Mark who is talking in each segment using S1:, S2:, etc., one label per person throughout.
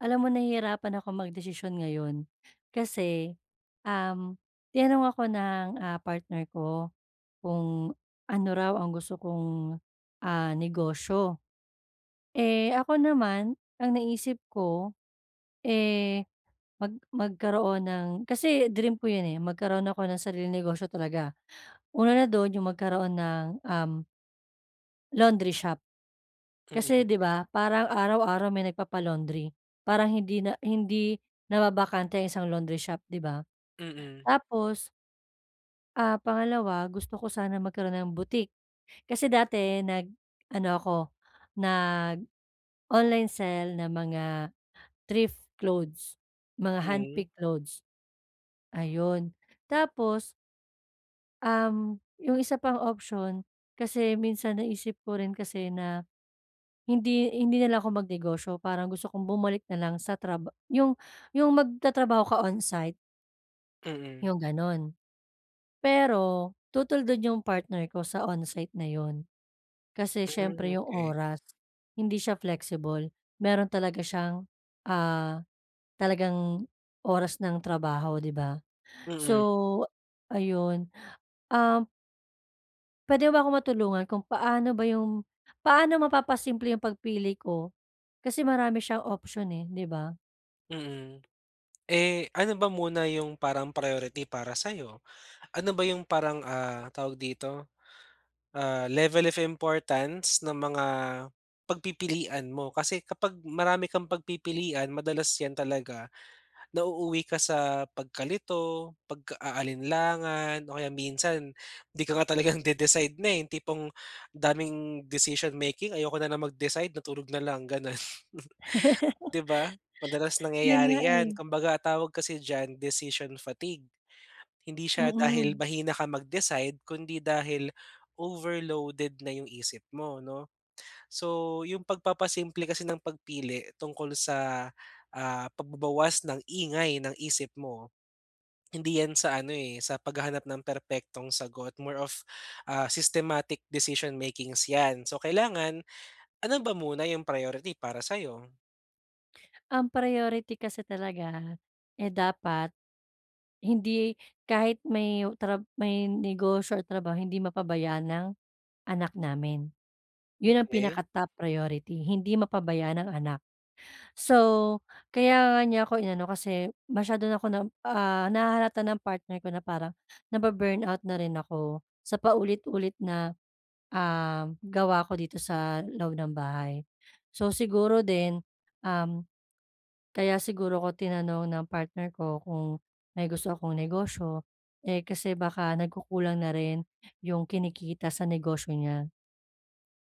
S1: Alam mo nahihirapan akong magdesisyon ngayon kasi, um, tinanong ako ng, ah, partner ko kung ano raw ang gusto kong, ah, negosyo. Eh ako naman ang naisip ko eh, mag magkaroon ng kasi dream ko 'yon eh magkaroon ako ng sariling negosyo talaga. Una na do'n 'yong magkaroon ng, um laundry shop. Kasi
S2: Mm.
S1: 'di ba, parang araw-araw may nagpapa-laundry parang hindi na hindi nababakante ang isang laundry shop, 'di ba?
S2: Mm.
S1: Tapos ah, pangalawa, gusto ko sana magkaroon ng boutique. Kasi dati nag-ano ako, nag-online sell ng mga thrift clothes, mga
S2: Hmm.
S1: handpick clothes. Ayun. Tapos um, 'yung isa pang option kasi minsan naisip ko rin kasi na hindi hindi na lang ako magnegosyo parang gusto kong bumalik na lang sa traba 'yung 'yung magtatrabaho ka onsite.
S2: Mm.
S1: 'Yung gano'n. Pero tutol do'n 'yung partner ko sa onsite na 'yon. Kasi
S2: Hmm,
S1: siyempre, 'yung
S2: okey.
S1: oras hindi siya flexible meron talaga siyang, ah, talagang oras ng trabaho, 'di ba?
S2: Mm.
S1: So, ayun. Um puwede mo ba akong matulungan kung paano ba 'yung paano mapapasimple 'yung pagpili ko kasi, marami siyang option, eh 'di ba?
S2: Mm. Eh, ano ba muna 'yung parang priority para sa'yo? Ano ba 'yung parang, ah, tawag dito, ah, level of importance ng mga pagpipilian mo? Kasi kapag marami kang pagpipilian madalas 'yan talaga nauuwi ka sa pagkalito, pagka-aalinlangan o kaya minsan di ka nga talagang de-decide na, eh 'yung tipong daming decision making, ayoko na lang mag-decide natulog na lang, gano'n. 'Di ba? Madalas
S1: 'Yon nga,
S2: nangyayari 'yan
S1: eh.
S2: kumbaga, ang tawag kasi diyan decision fatigue. Hindi siya dahil
S1: Mm.
S2: mahina ka mag-decide, kundi dahil overloaded na 'yung isip mo, 'no? So, 'yung pagpapasimple kasi ng pagpili tungkol sa, ah, pagbabawas ng ingay ng isip mo hindi 'yan sa ano eh, sa paghahanap ng perpektong sagot more of, ah, systematic decision makings 'yan. So, kailangan, ano ba muna 'yung priority para sa'yo?
S1: Ang priority kasi talaga, eh, dapat, hindi kahit may trab may negosyo o trabaho hindi mapabayan ang anak namin, 'yun ang
S2: Okey.
S1: pinaka-top priority. Hindi mapabayaan ang anak, so, kaya nga niya ako inano, kasi masyado na ako na, ah, nahahalata ng partner ko na parang nabu-burnout na rin ako, sa paulit-ulit na, um, gawa ko dito sa loob ng bahay. So siguro din, um, kaya siguro ko tinanong ng partner ko kung may gusto akong negosyo, eh, kasi baka nagkukulang na rin 'yung kinikita sa negosyo niya.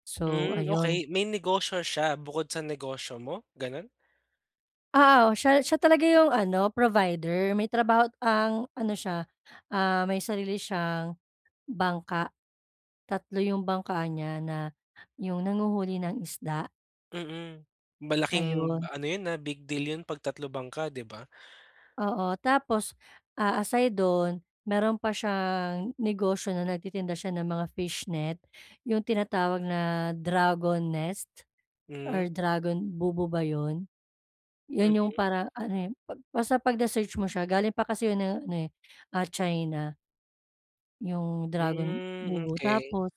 S1: So
S2: Hmm.
S1: ayun.
S2: Okey, may negosyo siya bukod sa negosyo mo, ganun?
S1: Oo. Siya siya talaga 'yung ano provider. May trabaho't ang ano siya, ah, may sarili siyang bangka, tatlo 'yung bangka niya, na 'yung nanghuhuli ng isda.
S2: Mm. Malaking,
S1: Ayun.
S2: ano yun, ah, big deal yun pag tatlo bangka di ba?
S1: Oo, tapos, ah, aside doon meron pa siyang, negosyo na nagtitinda siya ng mga fishnet, 'yung tinatawag na dragon nest
S2: Hmm.
S1: or dragon bubu ba 'yon? 'Yun 'yung
S2: Mm.
S1: parang ano eh, ba basta pag na search mo siya, galing pa kasi 'yung ano eh, ah, China, 'yung dragon
S2: Hmm.
S1: bubu.
S2: Okey.
S1: Tapos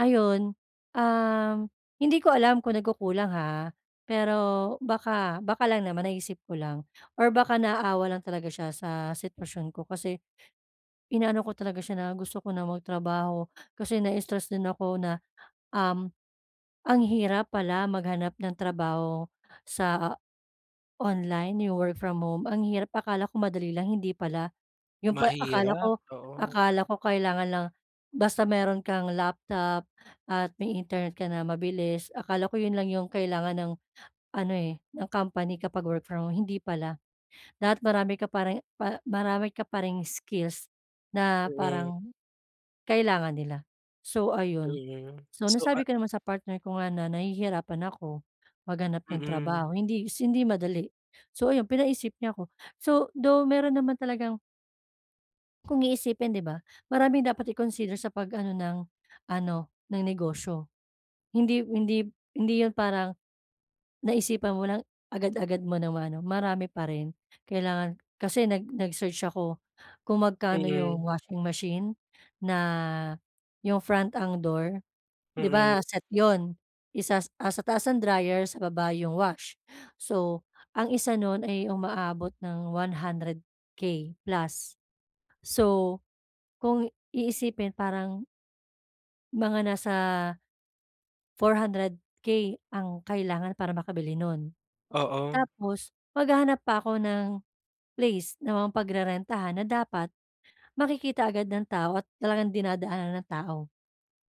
S1: ayun, uhm, hindi ko alam kung nagkukulang ha, pero baka baka lang naman naisip ko lang or baka naawa lang talaga siya sa sitwasyon ko kasi inaano ko talaga siya na gusto ko na magtrabaho, kasi na-stress din ako na, um, ang hirap pala maghanap ng trabaho sa online, 'yung work from home, ang hirap, akala ko madali lang, hindi pala. 'Yung pa akala
S2: Mahirap.
S1: ko
S2: Oo.
S1: akala ko kailangan lang, basta meron kang laptop at may internet ka na mabilis, akala ko 'yon lang 'yong kailangan ng ano eh, ng company kapag work from home, hindi pala. Dapat marami ka pa ring pa marami ka pa ring skills na
S2: Mm.
S1: parang kailangan nila. So ayun,
S2: Mm,
S1: so
S2: so, ah
S1: nasabi ko naman sa partner ko nga na nahihirapan ako, maghanap ng
S2: Mm.
S1: trabaho, hindi si hindi madali. So ayun, pinaisip niya ako, so though meron naman talagang Kung iisipin 'di ba, maraming dapat i-consider sa pag-ano ng ano ng negosyo. Hindi hindi hindi 'yun parang naisipan mo lang agad-agad mo ng ma-ano marami pa rin kailangan, kasi nag nag-search ako, kung magkano 'yong
S2: Mm.
S1: washing machine na, 'yong front ang door. 'Di ba
S2: Mm.
S1: set 'yon, isa, ah, sa taas ang dryer sa baba 'yong wash. So, ang isa no'n ay umaabot ng 100k plus. So, kung iisipin parang mga nasa 400k ang kailangan para makabili nun.
S2: Oo.
S1: Tapos maghahanap pa ako ng place na ma-pagrerentahan na dapat makikita agad ng tao at talagang dinadaanan ng tao.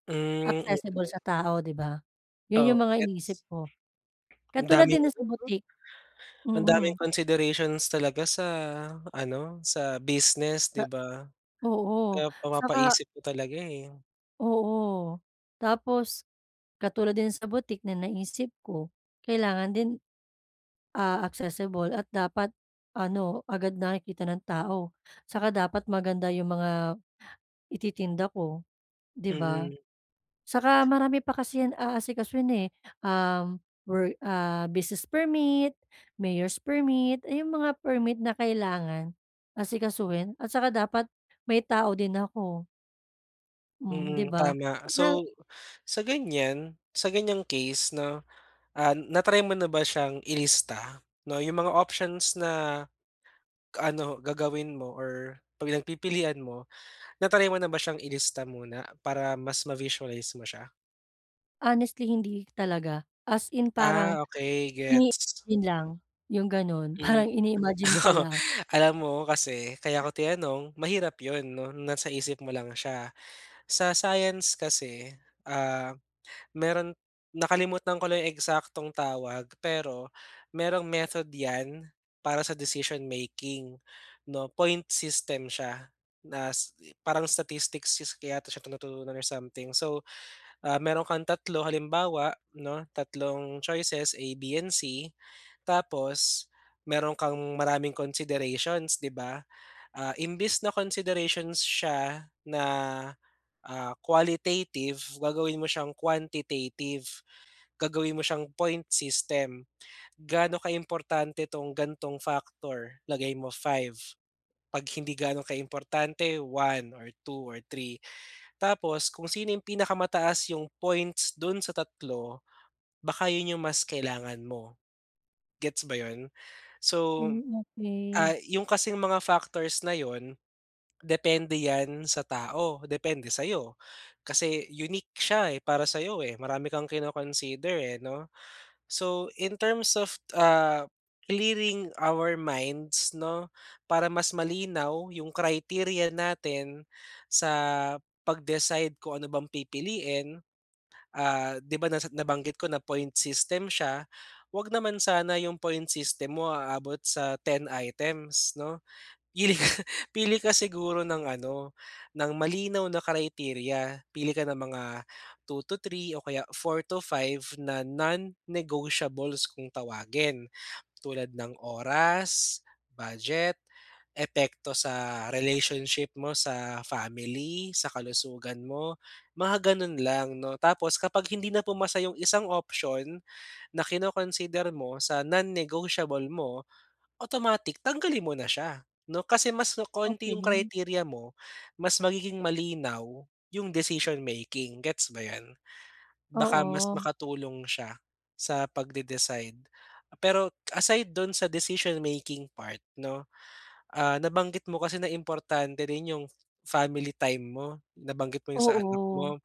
S2: Mm.
S1: Accessible
S2: Mm.
S1: sa tao 'di ba. 'Yun
S2: Oo
S1: 'yung mga
S2: gets.
S1: iniisip ko.
S2: Ang
S1: Katulad
S2: daming
S1: din na
S2: ano
S1: sa
S2: 'no?
S1: boutique.
S2: Ang daming
S1: Mm.
S2: considerations talaga sa, ano sa business,
S1: Na
S2: 'di ba.
S1: Oo,
S2: Kaya
S1: saka
S2: mapapaisip ka talaga eh.
S1: Oo. Tapos katulad din sa boutique na naisip ko kailangan din, ah, accessible at dapat ano agad nakikita ng tao, 'saka dapat maganda yung mga ititinda ko 'di ba?
S2: Mhm.
S1: Saka marami pa kasi yan aasikasuhin, eh. Um, wor ah business permit, mayor's permit, ayong mga permit na kailangan asikasuhin at saka dapat may tao din ako. Hmm, di
S2: Mm,
S1: ba?
S2: tama.
S1: [unintelligible]
S2: So, sa ganyan. Sa ganyang case 'no, ah, na-try mo na ba siyang ilista 'no, yung mga options na ano gagawin mo or pag nagpipilian mo na-try mo na ba siyang ilista muna para mas ma-visualize mo siya?
S1: Honestly hindi talaga. As in parang
S2: Ah, okey
S1: ini
S2: gets.
S1: yun lang yung gano'n
S2: Mm.
S1: parang ini-imagine pa
S2: Oo.
S1: lang.
S2: Alam mo kasi kaya
S1: [unintelligible]
S2: ko tinanong mahirap 'yon 'no, nasa isip mo lang siya. Sa science kasi, ah, mayro'n nakalimutan ko lang 'yong eksaktong tawag pero mayroong method 'yan para sa decision making 'no, point system siya. Nas parang statistics skill kaya to siya tinuturo or something so, ah, mayro'n kang 3 halimbawa 'no, tatlong choices A, B, and C tapos mayron kang maraming considerations 'di ba? Ah, imbis na considerations siya na, ah, qualitative gagawin mo siyang quantitative gagawin mo siyang point system. Gaano ka importante tong gantong factor lagay mo 5. Pag hindi gaano ka importante 1 or 2 or 3 tapos kung sino 'yong pinakamataas 'yong points do'n sa 3 baka yun yung mas kailangan mo. Gets ba 'yon? So,
S1: Mm, okey.
S2: ah, yung kasing mga factors na 'yon depende yan sa tao. Depende sa'yo kasi unique siya, eh, para sa'yo, eh, marami kang kino-consider, eh, 'no. So, in terms of, ah, clearing our minds 'no, para mas malinaw 'yong criteria natin sa pag-decide kung ano bang pipiliin. Ah, 'di ba, nasa nabanggit ko na point system siya, wag naman sana yung point system mo aabot sa 10 items 'no. Pili ka pili ka siguro ng ano ng malinaw na criteria. Pili ka ng mga 2 or 3 o kaya 4 to 5 na non-negotiables kung tawagin. Tulad ng oras, budget, epekto sa relationship mo sa family, sa kalusugan mo mga gano'n lang 'no. Tapos kapag hindi na pumasa yung isang option na kino-consider mo sa non-negotiable mo, automatic tanggalin mo na siya 'no. Kasi mas kokonti yung
S1: Okey.
S2: criteria mo mas magiging malinaw yung decision making, gets ba 'yan? Baka mas
S1: Oo.
S2: makatulong siya sa pagde-decide. Pero aside do'n sa decision making part 'no, ah, nabanggit mo kasi na importante rin yung f family time mo, nabanggit mo yung sa anak
S1: Oo,
S2: mo,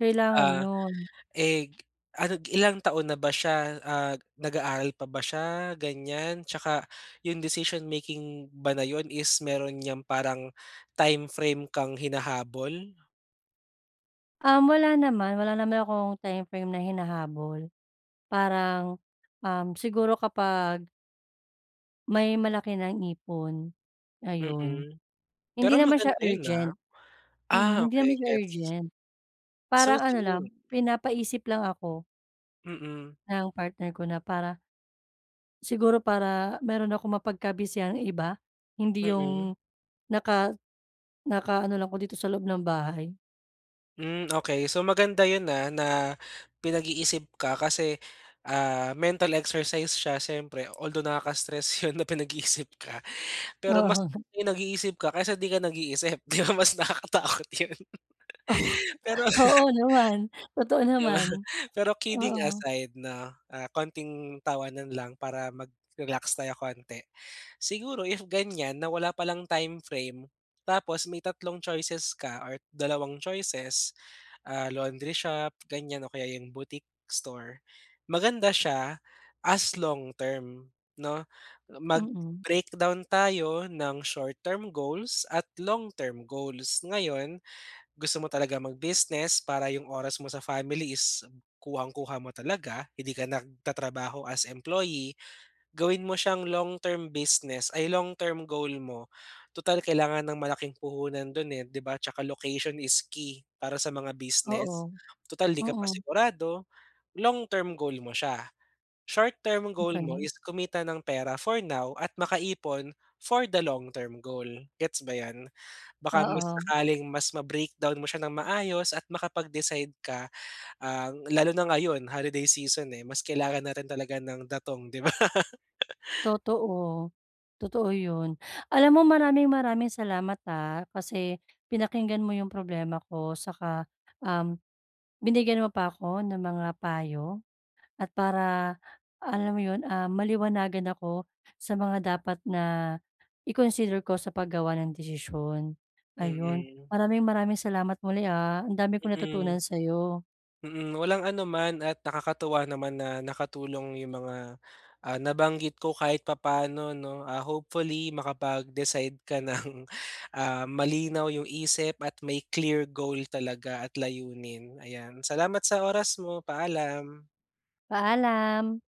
S1: kailangan
S2: ah,
S1: 'yon.
S2: eh, ano ilang taon na ba siya, ah, nag-aaral pa ba siya ganyan 'tsaka yung decision making ba na yun is mayro'n niyang parang time frame kang hinahabol?
S1: Um, wala naman, wala naman akong timeframe na hinahabol parang, um, siguro kapag may malaki ng ipon, ayun.
S2: Mm,
S1: Hindi
S2: pero
S1: naman
S2: maganda
S1: siya
S2: 'yun, ah.
S1: urgent. Mm,
S2: Ah,
S1: hindi naman
S2: okay
S1: siya
S2: gets.
S1: urgent,
S2: So
S1: parang ano lang
S2: true.
S1: pinapaisip lang ako
S2: Mm.
S1: ng partner ko na para siguro para meron akong mapagka-busyhang iba hindi
S2: Mm.
S1: 'yung naka naka-ano lang ako dito sa loob ng bahay.
S2: Mm, okey. So, maganda 'yun, ah, na pinag-iisip ka kasi, ah, mental exercise siya siyempre, although nakaka-stress 'yon na pinag-iisip ka pero mas
S1: Oo.
S2: nag-iisip ka kaysa 'di ka nag-iisip. 'Di ba mas nakakatakot 'yon.
S1: Oh.
S2: Pero.
S1: Oo naman, totoo
S2: 'Di ba?
S1: naman.
S2: Pero kidding
S1: Oo
S2: aside 'no, ah, konting tawanan lang para mag-relax tayo konti, siguro if ganyan na wala palang timeframe tapos may tatlong choices ka or dalawang choices, ah, laundry shop ganyan, o kaya 'yung boutique store maganda siya as long-term 'no, mag
S1: Mm.
S2: breakdown tayo ng short-term goals at long term goals. Ngayon, gusto mo talagang mag-business para 'yung oras mo sa family is kuhang-kuha mo talaga hindi ka nagtatrabaho as employee, gawin mo siyang long-term business ay long-term goal mo. Tutal kailangan ng malaking puhunan do'n, eh, 'di ba, tsaka location is key para sa mga
S1: Oo.
S2: business? Tutal, 'di ka
S1: Oo.
S2: pa sigurado long-term goal mo siya. Short-term goal mo
S1: Okey.
S2: is kumita ng pera for now at makaipon for the long-term goal. Gets ba 'yan? Baka mas
S1: Oo.
S2: sakaling mas ma-breakdown mo siya nang maayos at makapag-decide ka, ang lalo na ngayon holiday season, eh, mas kailangan natin talaga ng datong, 'di ba?
S1: Totoo. Totoo 'yun. Alam mo maraming-maraming salamat, ah, kasi pinakinggan mo 'yung problema ko, saka, um, binigyan mo pa ako ng mga payo at para, alam mo 'yon, ah, maliwanagan ako sa mga dapat na i-consider ko sa paggawa ng desisyon. Ayun,
S2: Mm.
S1: maraming-maraming salamat muli, ah? Ang dami kong
S2: Mm.
S1: natutunan sa'yo.
S2: Mm, walang anuman at nakakatuwa naman na nakatulong 'yung mga, ah, nabanggit ko kahit papaano 'no? Ah, hopefully makapag-decide ka ng, ah, malinaw 'yung isip at may clear goal talaga at layunin, ayan. Salamat sa oras mo, paalam.
S1: Paalam.